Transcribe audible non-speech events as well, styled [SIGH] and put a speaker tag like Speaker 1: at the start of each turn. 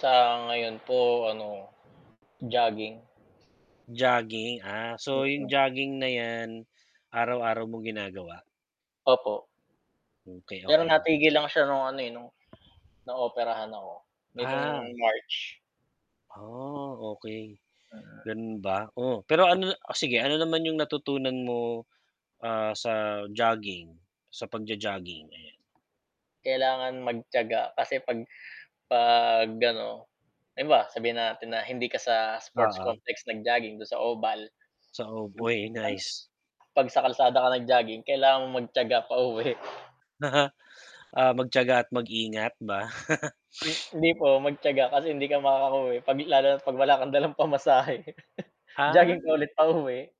Speaker 1: Sa ngayon po ano, jogging.
Speaker 2: Jogging, ah.
Speaker 1: 'Yon
Speaker 2: So, yung
Speaker 1: lang.
Speaker 2: jogging na yan, araw-araw mong ginagawa.
Speaker 1: Opo.
Speaker 2: Okay,
Speaker 1: Pero
Speaker 2: okay.
Speaker 1: natigil lang siya no'ng ano, eh, no'ng naoperahan ako, nitong
Speaker 2: Ah.
Speaker 1: March.
Speaker 2: Ah, okay,
Speaker 1: Mm.
Speaker 2: gano'n ba? Oh, pero ano oh, sige, ano naman yung natutunan mo, ah, sa jogging, sa pag-jo-jogging? Ayan.
Speaker 1: Kailangan magtiyaga kasi 'pag 'pag ano, halimbawa, sabihin natin na, hindi ka sa, sports
Speaker 2: Oo.
Speaker 1: complex nag-jogging, do'n sa oval.
Speaker 2: Sa ov oy, nice.
Speaker 1: [UNINTELLIGIBLE] 'Pag sa kalsada ka nag-jogging, kailangan mong magtiyaga pauwi. [CHUCKLES]
Speaker 2: Na, ha ah, magtiyaga at mag-ingat ba? [CHUCKLES]
Speaker 1: M
Speaker 2: [SNIFFS]
Speaker 1: hindi po, magtiyaga, kasi hindi ka makakauwi, 'pag lalo na't 'pag wala kang dalang pamasahe, [CHUCKLES] jogging ka
Speaker 2: Ah.
Speaker 1: ulit pauwi.